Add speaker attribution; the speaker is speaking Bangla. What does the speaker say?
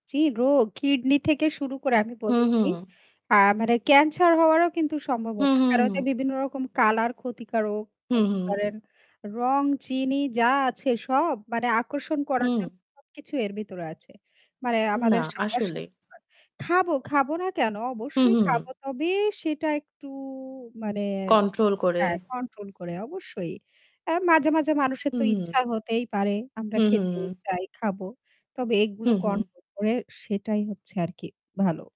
Speaker 1: জি রোগ কিডনি থেকে শুরু করে আমি বলব
Speaker 2: হুম,
Speaker 1: কি
Speaker 2: হুম।
Speaker 1: আ মানে ক্যান্সার হওয়ারও কিন্তু
Speaker 2: হুম,
Speaker 1: সম্ভবনা।
Speaker 2: হুম,
Speaker 1: কারণ
Speaker 2: হু।
Speaker 1: ওদের বিভিন্ন রকম কালার ক্ষতিকারক
Speaker 2: হুম,
Speaker 1: বলতে
Speaker 2: হুম।
Speaker 1: পারেন। রং চিনি যা আছে সব মানে আকর্ষণ করার
Speaker 2: হুম।
Speaker 1: জন্য সবকিছু এর ভিতরে আছে। মানে
Speaker 2: না,
Speaker 1: আমাদের স
Speaker 2: আসলে।
Speaker 1: অসসস্থ্যকর। খাবো, খাবো না কেন?
Speaker 2: হু,
Speaker 1: অবশ্যই খাবো।
Speaker 2: হু।
Speaker 1: তবে সেটা একটু মানে
Speaker 2: control করে।
Speaker 1: হ্যাঁ, কন্ট্রোল করে অবশ্যই। আ মাঝে, মাঝে মানুষের তো
Speaker 2: হুম।
Speaker 1: ইচ্ছা হতেই পারে। আমরা
Speaker 2: হুম, হুম,
Speaker 1: খেতেই
Speaker 2: হু।
Speaker 1: চাই, খাবো। তবে
Speaker 2: হু,
Speaker 1: এগুলো
Speaker 2: হু।
Speaker 1: control করে সেটাই হচ্ছে আরকি ভালো।